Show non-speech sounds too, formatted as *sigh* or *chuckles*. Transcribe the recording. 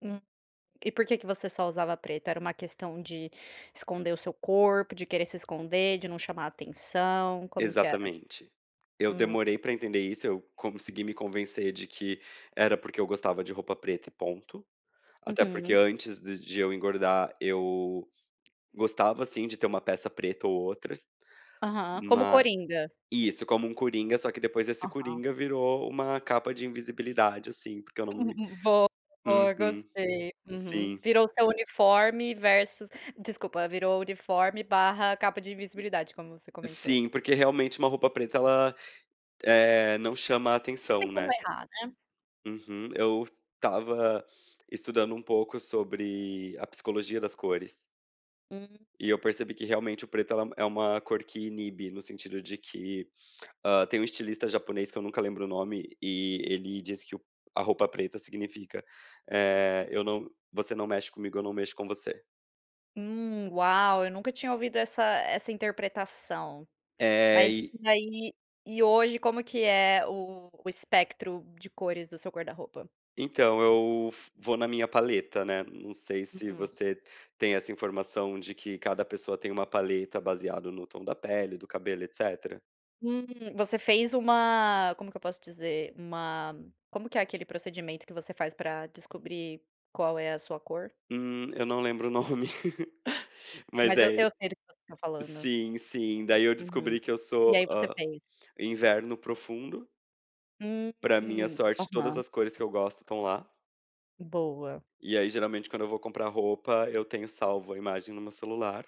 É, e por que você só usava preto? Era uma questão de esconder o seu corpo, de querer se esconder, de não chamar atenção, como que era? Exatamente. Eu Hum. demorei pra entender isso, eu consegui me convencer de que era porque eu gostava de roupa preta e ponto. Até porque Uhum. antes de de eu engordar eu gostava sim de ter uma peça preta ou outra. Aham. Como Ma coringa. Isso, como uma coringa. Só que depois esse Aham. coringa virou uma capa de invisibilidade assim, porque eu não me *chuckles* Boa, boa, Uhum. gostei. Uhum. Sim. Virou seu uniforme versus desculpa, virou uniforme barra capa de invisibilidade, como você comentou. Sim, porque realmente uma roupa preta, ela, eh, não chama Não tem atenção, como né? errar, né? Uhum. Eu estava estudando um pouco sobre a psicologia das cores. Hum. E eu percebi que realmente o preto, ela é uma é uma cor que inibe no sentido de que, hã, tem um estilista japonês que eu nunca lembro o nome e ele disse que o a roupa preta significa, eh, eu não você não mexe comigo, eu não mexo com você. Hum, uau! Eu nunca tinha ouvido essa essa interpretação. É, Mas e e aí e hoje como que é o o espectro de cores do seu guarda-roupa? Então, eu vou na minha paleta, né, não sei se mm-mm você tem essa informação, de que cada pessoa tem uma paleta baseado no tom da pele, do cabelo, etcétera. Hum, você fez uma Como que eu posso dizer? Uma como que é aquele procedimento que você faz pra descobrir qual é a sua cor? Hum, eu não lembro o nome, *chuckles* mas Mas eu é eu ele sei do que você tá falando. Sim, sim. Daí eu Uhum. descobri que eu E sou, aí, você hã, fez. inverno profundo. Pra minha Uhum. sorte todas Aham. as cores que eu gosto estão lá. Boa. E aí, geralmente quando eu vou comprar roupa, eu tenho salvo a imagem no meu celular.